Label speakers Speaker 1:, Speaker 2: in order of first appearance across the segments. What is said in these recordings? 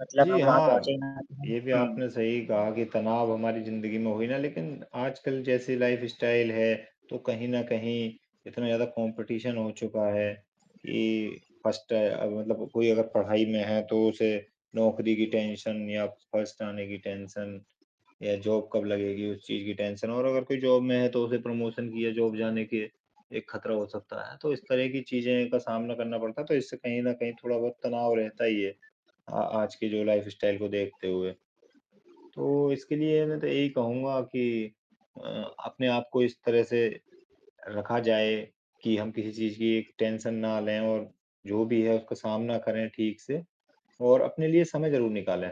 Speaker 1: मतलब
Speaker 2: जी,
Speaker 1: हम वहाँ पहुँचे
Speaker 2: हाँ
Speaker 1: ही ना।
Speaker 2: ये भी
Speaker 1: हुँ।
Speaker 2: आपने सही कहा कि तनाव हमारी ज़िंदगी में हुई ना। लेकिन आजकल जैसी लाइफस्टाइल है तो कहीं न कहीं इतना ज़्यादा कॉम्पिटिशन हो चुका है कि 1st मतलब कोई अगर पढ़ाई में है। तो उसे नौकरी की टेंशन या 1st आने की टेंशन या जॉब कब लगेगी उस चीज़ की टेंशन। और अगर कोई जॉब में है तो उसे प्रमोशन की या जॉब जाने के एक खतरा हो सकता है। तो इस तरह की चीज़ें का सामना करना पड़ता है तो इससे कहीं न कहीं थोड़ा-बहुत तनाव रहता ही है, आ आज की जो लाइफस्टाइल को देखते हुए। तो इसके लिए मैं तो यही कहूँगा कि अ, अपने आपको इस तरह से रखा जाए कि हम किसी चीज़ की टेंशन ना लें। और जो भी है उसका सामना करें ठीक से और अपने लिए समय ज़रूर निकालें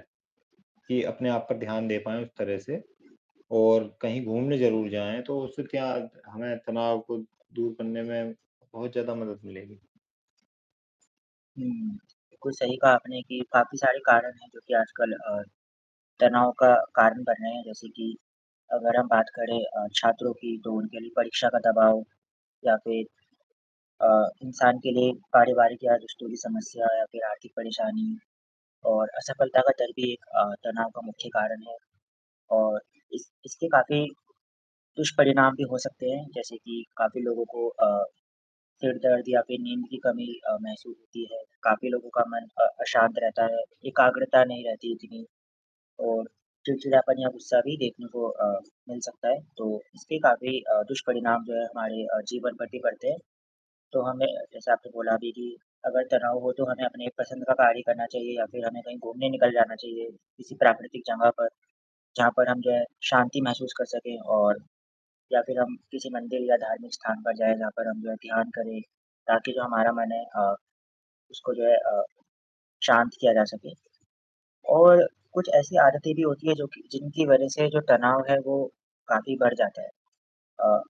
Speaker 2: कि अपने आप पे ध्यान दे पाए उस तरह से। और कहीं घूमने ज़रूर जाएँ तो उससे क्या हमें तनाव को दूर करने में बहुत ज़्यादा मदद मिलेगी।
Speaker 1: हुँ, बिल्कुल सही कहा आपने कि काफ़ी सारे कारण हैं जो कि आजकल अ, तनाव का कारण बन रहे हैं। जैसे कि अगर हम बात करें अ, छात्रों की तो उनके लिए परीक्षा का दबाव या फ़िर अ, इंसान के लिए पारिवारिक या रिश्तों की समस्या। या फ़िर आर्थिक परेशानी और असफलता का दर्द भी एक अ, तनाव का मुख्य कारण है और इस इसके काफ़ी दुष्परिणाम भी हो सकते हैं जैसे कि काफ़ी लोगों को अ, सिर दर्द या फ़िर नींद की कमी अ, महसूस होती है। काफ़ी लोगों का मन अ, अशांत रहता है, एकाग्रता नहीं रहती इतनी और चिड़चिड़ापन या गुस्सा भी देखने को अ, मिल सकता है। तो इसके काफ़ी अ, दुष्परिणाम जो है हमारे अ, जीवन पर भी बढ़ते हैं। तो हमें जैसा आपने बोला भी कि अगर तनाव हो तो हमें अपनी पसंद का कार्य करना चाहिए या फ़िर हमें कहीं घूमने निकल जाना चाहिए किसी प्राकृतिक जगह पर। जहाँ पर हम जो है शांति महसूस कर सकें। और या फ़िर हम किसी मंदिर या धार्मिक स्थान पर जाएँ जहाँ पर हम जो है ध्यान करें ताकि जो हमारा मन है अ, उसको जो है अ, शांत किया जा सके। और कुछ ऐसी आदतें भी होती हैं जो कि जिनकी वजह से जो तनाव है वो काफ़ी बढ़ जाता है। अ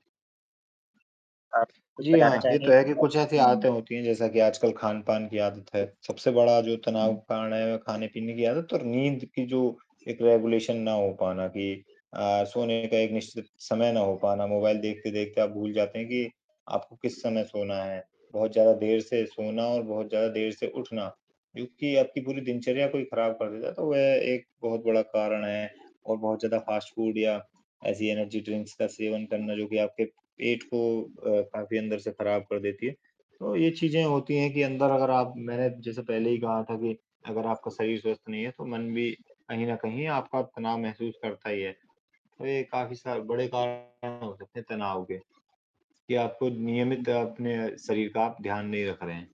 Speaker 1: आप कुछ
Speaker 2: जी,
Speaker 1: बताना
Speaker 2: हाँ ये
Speaker 1: चाहेंगे?
Speaker 2: तो है कि कुछ ऐसी
Speaker 1: हुँ।
Speaker 2: आदतें होती हैं जैसा कि आजकल खान-पान की आदत है। सबसे बड़ा जो तनाव
Speaker 1: हुँ।
Speaker 2: का कारण है खाने-पीने की आदत और नींद की जो एक रेगुलेशन ना हो पाना कि अ, सोने का एक निश्चित समय ना हो पाना। मोबाइल देखते-देखते आप भूल जाते हैं कि, आपको किस समय सोना है। बहुत ज़्यादा देर से सोना और बहुत ज़्यादा देर से उठना क्योंकि आपकी पूरी दिनचर्या को ही खराब कर देता है। तो वो एक बहुत बड़ा कारण है और बहुत ज़्यादा फास्ट फ़ूड या ऐसी एनर्जी ड्रिंक्स का सेवन करना जो कि आपके पेट को अ, काफ़ी अंदर से खराब कर देती है। तो ये चीज़ें होती हैं कि अंदर अगर आप मैं जैसे पहले ही कहा था कि अगर आपका शरीर स्वस्थ नहीं है। तो मन भी कहीं न कहीं आपका तनाव महसूस करता ही है। तो ये काफ़ी सा बड़े कारण हो सकते हैं तनाव के कि आपको नियमित
Speaker 1: हुँ।
Speaker 2: अपने शरीर का आप ध्यान नहीं रख रहे हैं।